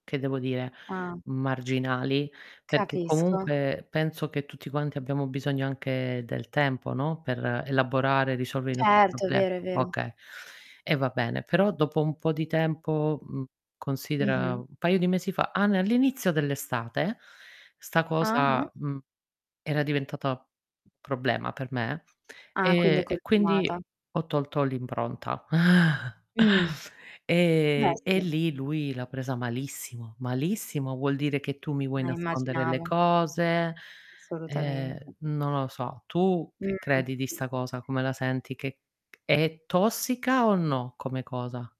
Che devo dire, Ah. marginali perché Capisco. comunque penso che tutti quanti abbiamo bisogno anche del tempo, no, per elaborare e risolvere i nostri Certo, è problemi. vero, è vero. Okay, e va bene, però dopo un po' di tempo, mhmm, considera Mh-mh. un paio di mesi fa ah n all'inizio dell'estate, 'sta Ah-ah. cosa, mhmm, era diventata problema per me, Ah, quindi è e e quindi continuata. ho tolto l'impronta Mh, beh, e e sì. lì lui l'ha presa malissimo. Malissimo, vuol dire che tu mi vuoi Eh, nascondere le immaginavo. cose, Assolutamente. ehm, non lo so. Tu che Mh. credi di sta cosa? Come la senti? Che c è tossica o no come cosa?